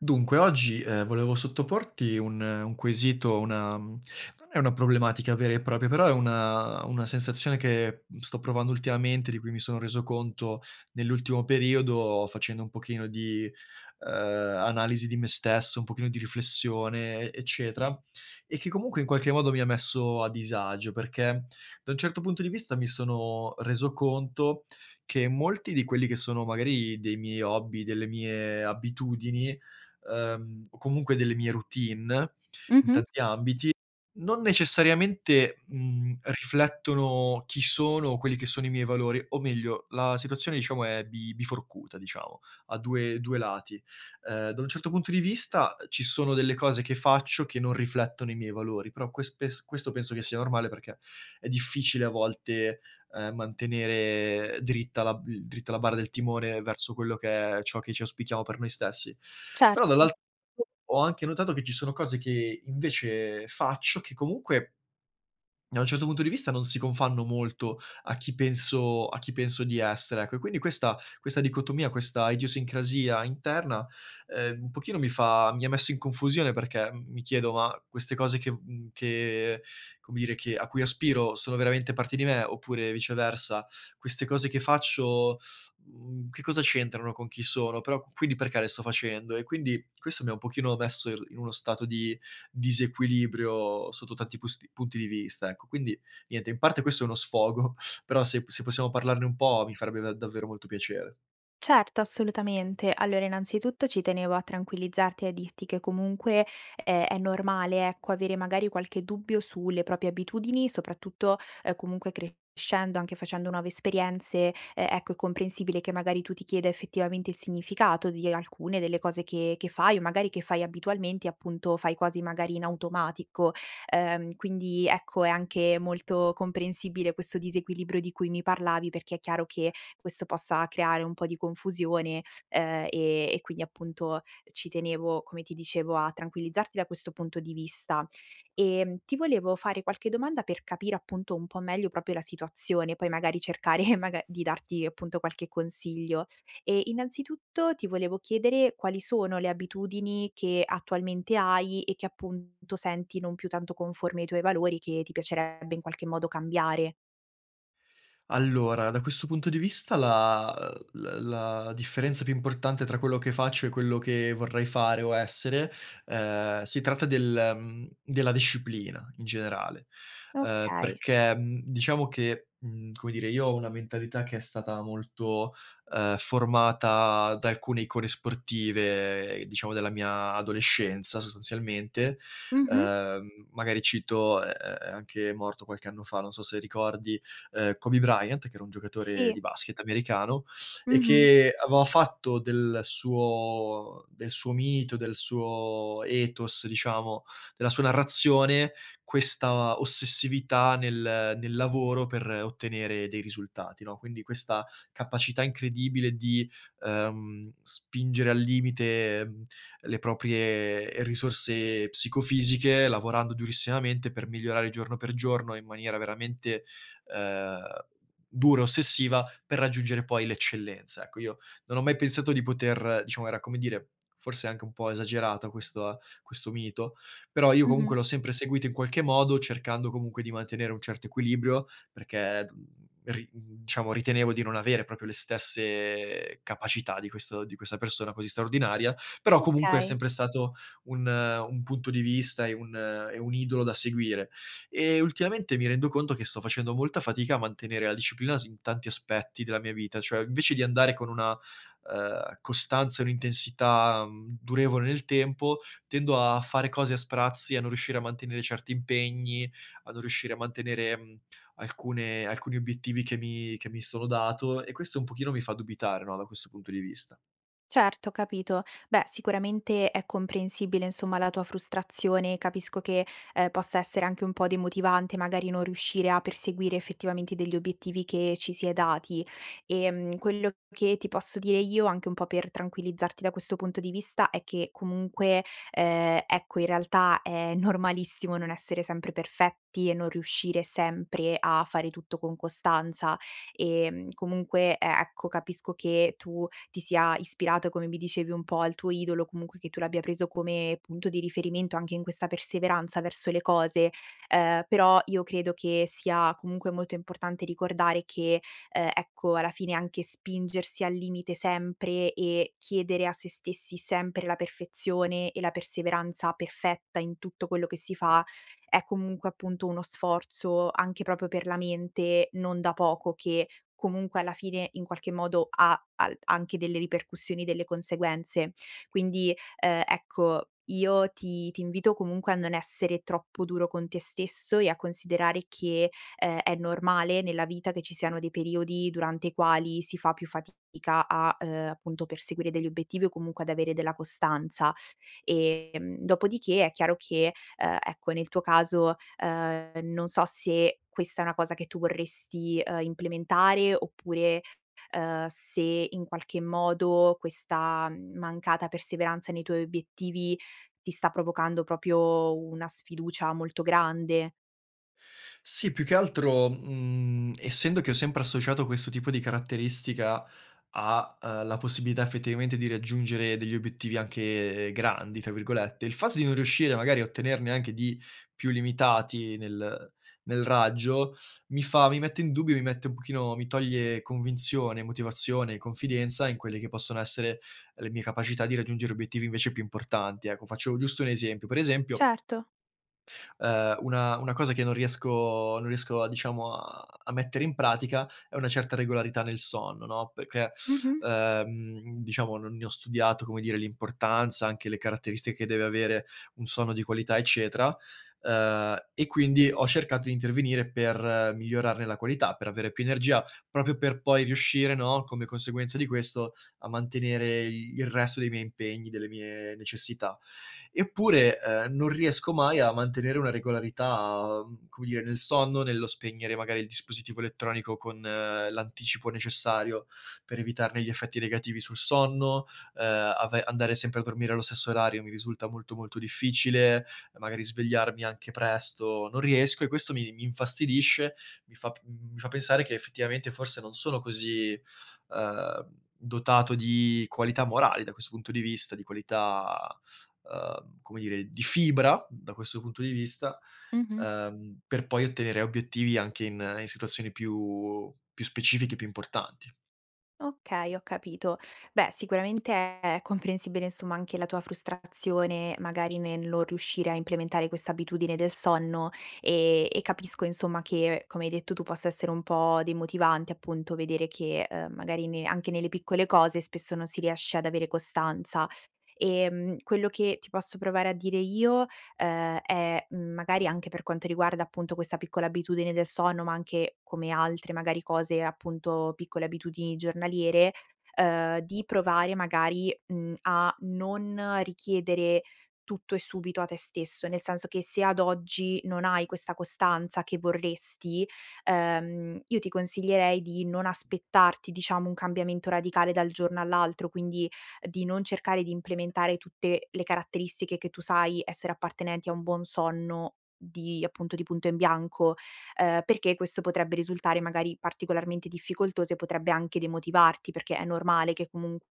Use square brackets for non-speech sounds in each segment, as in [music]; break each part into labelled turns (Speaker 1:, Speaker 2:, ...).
Speaker 1: Dunque oggi, ehm, volevo sottoporti un un quesito, una mhmm, non è una problematica vera e propria, però è una una sensazione che, mhmm, sto provando ultimamente, di cui mi sono reso conto nell'ultimo periodo facendo un pochino di, ehm, analisi di me stesso, un pochino di riflessione e eccetera, e che comunque in qualche modo mi ha messo a disagio. Perché, da un certo punto di vista, mi sono reso conto che molti di quelli che sono magari dei miei hobby, delle mie abitudini, ehm, o comunque delle mie routine in
Speaker 2: Mh-mh.
Speaker 1: tanti ambiti, non necessariamente, mhmm, riflettono chi sono, quelli che sono i miei valori, o meglio la situazione, diciamo, è bi biforcuta, diciamo, a 2- 2 lati. Ehm, da un certo punto di vista, uhm, ci sono delle cose che faccio che non riflettono i miei valori, però ques pes questo penso che sia normale perché è difficile a volte, uhm, mantenere dritta la b dritta la barra del timone verso quello che è ciò che ci auspichiamo per noi stessi. Però
Speaker 2: Certo.
Speaker 1: dall'al [unintelligible] ho anche notato che ci sono cose che invece faccio che comunque da un certo punto di vista non si confanno molto a chi penso a chi penso di essere, ecco. E quindi questa questa dicotomia, questa idiosincrasia interna, ehm, un pochino mi fa mi ha messo in confusione perché m mi chiedo: ma queste cose che v mhmm, che come dire, che a cui aspiro sono veramente parte di me? Oppure viceversa, queste cose che faccio, mhmm, che cosa c'entrano con chi sono? Però q quindi perché le sto facendo? E quindi, questo mi ha un pochino messo il in uno stato di disequilibrio sotto tanti pusti punti di vista, ecco. Quindi, niente, in parte questo è uno sfogo, però se p se possiamo parlarne un po' mi farebbe da davvero molto piacere.
Speaker 2: Certo, assolutamente. Allora innanzitutto ci tenevo a tranquillizzarti e a dirti che comunque è è normale, ecco, avere magari qualche dubbio, sulle proprie abitudini, soprattutto, uhm, comunque crescendo, anche facendo nuove esperienze, uhm, ecco è comprensibile che magari tu ti chieda effettivamente il significato di alcune delle cose che che fai, o magari che fai abitualmente, appunto, fai quasi magari in automatico. Uhm, quindi ecco, è anche molto comprensibile questo disequilibrio di cui mi parlavi, perché è chiaro che questo possa creare un po' di confusione, uhm, e e quindi appunto, ci tenevo, come ti dicevo a tranquillizzarti da questo punto di vista. Ehm, ti volevo fare qualche domanda, per capire appunto un po' meglio proprio la situazione, poi magari cercare [giggles] mag di darti appunto qualche consiglio. E innanzitutto, ti volevo chiedere quali sono le abitudini che attualmente hai, e che appunto senti non più tanto conformi ai tuoi valori, che ti piacerebbe in qualche modo cambiare.
Speaker 1: Allora, da questo punto di vista la, uhm l la differenza più importante tra quello che faccio e quello che vorrei fare o essere, uhm, si tratta del, mhmm della disciplina in generale. Uhm,
Speaker 2: Okay.
Speaker 1: perché, mhmm, diciamo che, mhmm, come dire, io ho una mentalità che è stata molto, uhm, formata da alcune icone sportive, diciamo della mia adolescenza sostanzialmente.
Speaker 2: Mh-mh.
Speaker 1: Uhm, magari cito, è è è anche morto qualche anno fa, non so se ricordi, uhm, Kobe Bryant, che era un giocatore di
Speaker 2: Sì.
Speaker 1: basket americano, e
Speaker 2: Mh-mh.
Speaker 1: che aveva fatto del suo del suo mito, del suo ethos, diciamo, della sua narrazione, questa ossessività nel nel lavoro per ottenere dei risultati, no. Quindi questa capacità incredibile di, uhm, spingere al limite, le proprie risorse psicofisiche, lavorando durissimamente per migliorare giorno per giorno, in maniera veramente, uhm, dura, ossessiva, per raggiungere poi l'eccellenza. Ecco, io non ho mai pensato di poter diciamo, era come dire, forse anche un po' esagerata questa questo mito, però io
Speaker 2: Mh-mh.
Speaker 1: comunque l'ho sempre seguito in qualche modo, cercando comunque di mantenere un certo equilibrio, perché, uhm, ri uhm, diciamo ritenevo di non avere proprio le stesse capacità di questo di questa persona così straordinaria. Però comunque è
Speaker 2: Okay.
Speaker 1: sempre stato un un punto di vista e un e un idolo da seguire. E ultimamente mi rendo conto che sto facendo molta fatica a mantenere la disciplina su tanti aspetti della mia vita. Cioè invece di andare con una, uhm, costanza e un'intensità, mhmm, durevole nel tempo, tendo a fare cose a sprazzi, a non riuscire a mantenere certi impegni, a non riuscire a mantenere, mhmm, alcune alcuni obiettivi che mi che mi sono dato, e questo un pochino mi fa dubitare no, da questo punto di vista.
Speaker 2: Certo, ho capito. Beh, sicuramente, è comprensibile, insomma, la tua frustrazione, capisco che, ehm, possa essere anche un po' demotivante, magari non riuscire a perseguire, effettivamente, degli obiettivi che ci si è dati. Ehm, quello che ti posso dire io, anche un po' per tranquillizzarti da questo punto di vista, è che comunque, ehm, ecco, in realtà, è normalissimo non essere sempre perfetti e non riuscire sempre a fare tutto con costanza, ehm, comunque e ecco, capisco che tu ti sia ispirato, come mi dicevi un po', al tuo idolo, comunque che tu l'abbia preso come punto di riferimento anche in questa perseveranza verso le cose. Ehm, però io credo che sia comunque molto importante ricordare che, ehm, ecco, alla fine, anche spingersi al limite sempre e chiedere a sè stessi sempre la perfezione e la perseveranza perfetta in tutto quello che si fa, è comunque, appunto, uno sforzo anche proprio per la mente, non da poco, che comunque, alla fine, in qualche modo, ha al anche delle ripercussioni, delle conseguenze. Quindi, ehm, ecco, io ti ti invito comunque a non essere troppo duro con te stesso e a considerare che, ehm, è normale nella vita che ci siano dei periodi durante i quali si fa più fatica a, ehm, appunto, perseguire degli obiettivi o comunque ad avere della costanza. Ehm, dopodiché è chiaro che, ehm, ecco, nel tuo caso, ehm, non so se questa è una cosa che tu vorresti, ehm, implementare oppure, ehm, se, in qualche modo, questa mancata perseveranza nei tuoi obiettivi ti sta provocando proprio una sfiducia molto grande.
Speaker 1: Sì, più che altro, mhmm, essendo che ho sempre associato questo tipo di caratteristica, a, ehm, la possibilità effettivamente di raggiungere degli obiettivi anche "grandi" tra virgolette, il fatto di non riuscire magari a ottenerne anche di più limitati nel nel raggio, mi fa mi mette in dubbio mi mette un pochino mi toglie convinzione, motivazione e confidenza, in quelle che possono essere le mie capacità di raggiungere obiettivi invece più importanti, ecco. Faccio giusto un esempio, pre esempio
Speaker 2: Certo.
Speaker 1: ehm una una cosa che non riesco non riesco a diciamo a a mettere in pratica, è una certa regolarità nel sonno, no, perché,
Speaker 2: Mh-mh.
Speaker 1: ehm, diciamo non ne ho studiato come dire l'importanza, anche le caratteristiche che deve avere un sonno di qualità eccetera. Ehm, e quindi ho cercato di intervenire per migliorarne la qualità, per avere più energia, proprio per poi riuscire, no, come conseguenza di questo, a mantenere il resto dei miei impegni, delle mie necessità. Eppure, ehm, non riesco mai a mantenere una regolarità, come dire nel sonno, nello spegnere magari il dispositivo elettronico con l'anticipo necessario, per evitarne gli effetti negativi sul sonno, ehm, ave andare sempre a dormire allo stesso orario mi risulta molto, molto difficile. Magari svegliarmi anche presto, non riesco e questo mi mi infastidisce, mi fa p mi fa pensare che effettivamente forse non sono così, ehm, dotato di qualità morali da questo punto di vista, di qualità, ehm, come dire, di fibra da questo punto di vista,
Speaker 2: Mh-mh.
Speaker 1: ehm, per poi ottenere obiettivi anche in in situazioni più più specifiche e più importanti.
Speaker 2: Okay, ho capito. Beh, sicuramente è comprensibile, insomma, anche la tua frustrazione, magari nel non riuscire a implementare questa abitudine del sonno, e e capisco insomma che, come hai detto tu, possa essere un po' demotivante, appunto, vedere che, uhm, magari ne anche nelle piccole cose spesso non si riesce ad avere costanza. Ehm, quello che ti posso provare a dire io, uhm, è, mhmm, magari anche per quanto riguarda appunto questa piccola abitudine del sonno, ma anche come altre, magari, cose, appunto, piccole abitudini giornaliere, uhm, di provare magari, mhmm, a non richiedere tutto e subito a te stesso; nel senso che, se ad oggi non hai questa costanza che vorresti, ehm, io ti consiglierei di non aspettarti, diciamo, un cambiamento radicale dal giorno all'altro, quindi di non cercare di implementare tutte le caratteristiche che tu sai essere appartenenti a un buon sonno, di appunto, di punto in bianco, ehm, perché questo potrebbe risultare magari particolarmente difficoltoso e potrebbe anche demotivarti, perché è normale che comunque,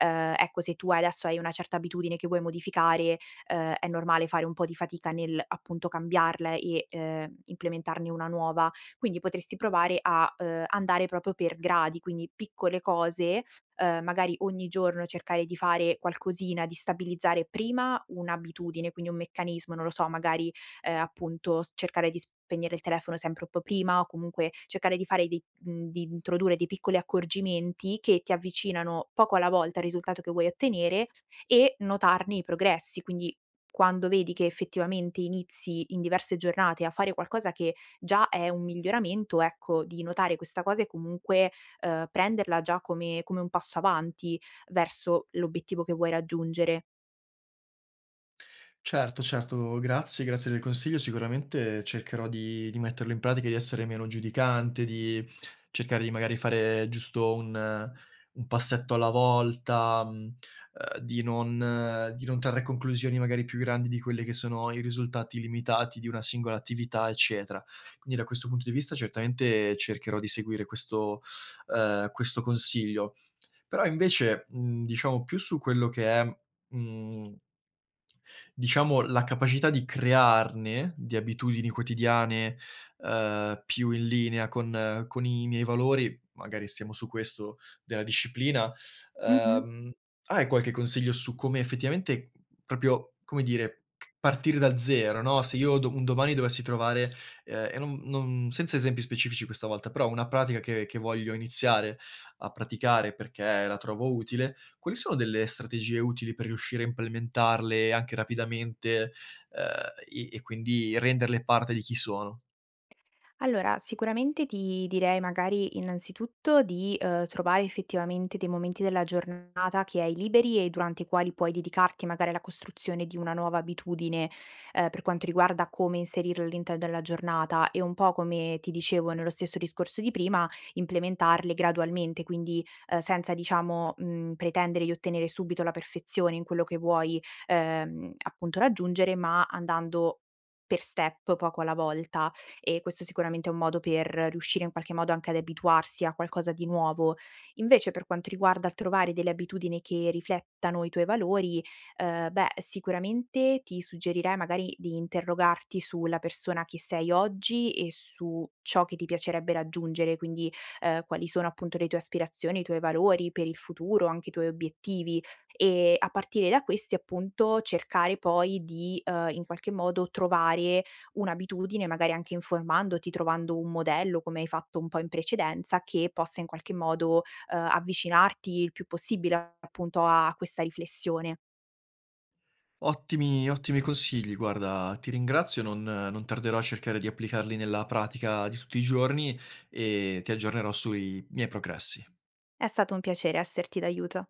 Speaker 2: ehm, ecco se tua adesso hai una certa abitudine che vuoi modificare, uhm, è normale fare un po' di fatica nell'appunto cambiarla e, ehm, implementarne una nuova. Quindi potresti provare a, uhm, andare proprio per gradi, quindi piccole cose, uhm, magari ogni giorno cercare di fare qualcosina, di stabilizzare prima 1 abitudine, quindi un meccanismo; non lo so, magari, ehm, appunto s cercare di spegnere il telefono sempre un po' prima, o comunque cercare di fare dei mhmm, di introdurre dei piccoli accorgimenti che ti avvicinano poco alla volta al risultato che vuoi ottenere, e notarne i progressi, quindi, quando vedi che effettivamente inizi in diverse giornate a fare qualcosa che già è un miglioramento, ecco, di notare questa cosa e comunque, ehm, prenderla già come come un passo avanti verso l'obiettivo che vuoi raggiungere.
Speaker 1: Certo, certo, grazie, grazie del consiglio, sicuramente cercherò di di metterlo in pratica, di essere meno giudicante, di cercare di magari fare giusto un un passetto alla volta, mhmm, ehm di non di non trarre conclusioni magari più grandi di quelli che sono i risultati limitati di una singola attività, eccetera. Quindi da questo punto di vista certamente cercherò di seguire questo, ehm, questo consiglio. Però invece, mhmm, diciamo più su quello che è, mhmm diciamo la capacità di crearne, di abitudini quotidiane, ehm, più in linea con con i miei valori, magari stiamo su questo della disciplina.
Speaker 2: Mh-mh.
Speaker 1: Ehm, hai qualche consiglio su come effettivamente, proprio, come dire, ch partire da 0, no, se io do un domani dovessi trovare, ehm, e non non, senza esempi specifici questa volta, però una pratica che che voglio iniziare a praticare perché la trovo utile, quali sono delle strategie utili per riuscire a implementarle anche rapidamente, ehm, e e quindi renderle parte di chi sono?
Speaker 2: Allora, sicuramente ti direi magari, innanzitutto, di, ehm, trovare effettivamente dei momenti della giornata che hai liberi e durante i quali puoi dedicarti magari alla costruzione di una nuova abitudine, ehm, per quanto riguarda come inserire all'interno della giornata e un po', come ti dicevo nello stesso discorso di prima, implementarle gradualmente, quindi, uhm, senza diciamo, mhmm, pretendere di ottenere subito la perfezione in quello che vuoi, ehm, appunto raggiungere, ma andando per step, poco alla volta. E questo sicuramente è un modo per riuscire in qualche modo anche ad abituarsi a qualcosa di nuovo. Invece per quanto riguarda il trovare delle abitudini che riflettano i tuoi valori, ehm, beh sicuramente ti suggerirei magari di interrogarti su la persona che sei oggi e su ciò che ti piacerebbe raggiungere, quindi, ehm, quali sono appunto le tue aspirazioni, i tuoi valori per il futuro, anche i tuoi obiettivi, e a partire da questi, appunto, cercare poi di, ehm, in qualche modo trovare un'abitudine, magari anche informandoti, trovando un modello come hai fatto un po' in precedenza, che possa in qualche modo, ehm, avvicinarti il più possibile appunto a questa riflessione.
Speaker 1: Ottimi, ottimi consigli, guarda, ti ringrazio, non non tarderò a cercare di applicarli nella pratica di tutti i giorni e ti aggiornerò sui miei progressi.
Speaker 2: È stato un piacere esserti d'aiuto.